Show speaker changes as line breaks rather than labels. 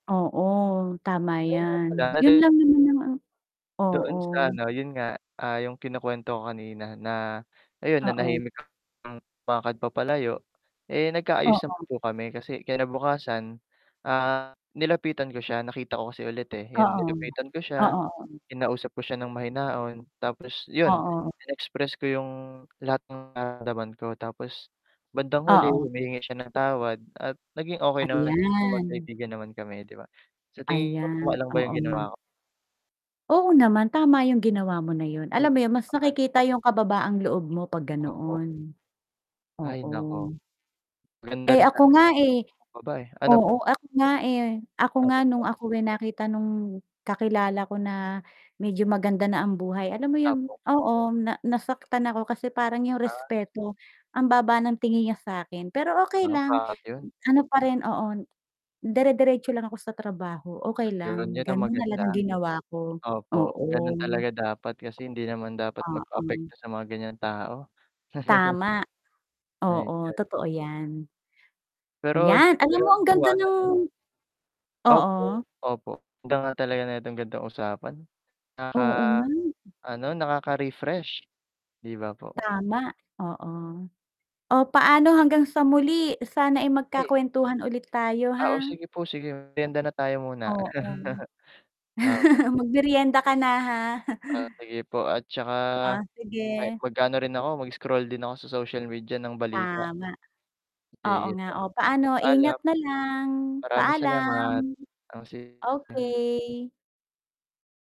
Oo. Tama
Ay nga pala,
yan,
eh,
yun
'di
lang naman ang a
doon
oo.
sa ano, yun nga, ah, yung kinukwento ko kanina na, ayun
Oo.
nanahimik kami ng lakad papalayo, eh, nagka-ayos naman
Oo.
po kami kasi kinabukasan, ah, nilapitan ko siya, nakita ko kasi ulit, eh, yun
Oo,
nilapitan ko siya,
oo, oo.
kinausap ko siya ng mahinahon tapos yun,
Oo.
inexpress ko yung lahat ng nararamdaman ko tapos, bandang huli,
Oo.
humingi siya ng tawad at naging okey naman,
Ayan.
mag-kaibigan naman kami 'di ba, sa tingin mo
Ayan,
tama lang ba yung
oo.
ginawa ko?
Oo naman, tama yung ginawa mo na yun, alam mo yun mas
[unintelligible]
nakikita yung kababaang loob mo 'pag
Opo.
ganoon.
Ay naku.
Oo.
Maganda
Eh,
rin
ako
talaga
nga eh
magpakumbaba, eh, ano po?
oo, ako nga, eh, ako
Ano
nga
po?
nung ako, eh, nakita nung kakilala ko na, medyo maganda na ang buhay alam mo yung
Opo.
oo na nasaktan ako kasi parang yung
Ah.
respeto, ang baba ng tingin niya sa akin, pero okey
[unintelligible]
lang,
pa yun.
ano pa rin oo, dere-deretso lang ako sa trabaho, okey
Yun,
lang,
yun ang
ganon na lang
maganda.
ang ginawa ko,
Opo ganun
oo.
talaga dapat kasi hindi naman dapat
Oo.
magpa-apekto sa mga ganiyang tao.
Tama.
My
Oo,
God.
totoo yan.
Pero hindi mo
Yan, alam
talaga
mo ang ganda
maiwasan, eh.
ng oo.
Opo, opo ang ganda nga talaga neto gan'tong usapan.
Oo nga.
Nakaka-ano, nakaka-refresh 'di ba po?
Tama, oo. Oh, paano hanggang sa muli, sana ay
Ay
magka-kwentuhan ulit tayo
Ah, o
ha?
sige po sige, meryenda na tayo muna.
Oo.
Opo.
Mag-meryenda ka na ha?
Ah, sige po at saka
Ah,
ay,
sige.
mag-aano rin ako, mag-scroll din ako sa social media ng balita.
Tama. Oo
Sige
nga,
po,
oh, paano,
paalam.
ingat na lang,
Maraming
paalam.
salamat. O sige.
Okey.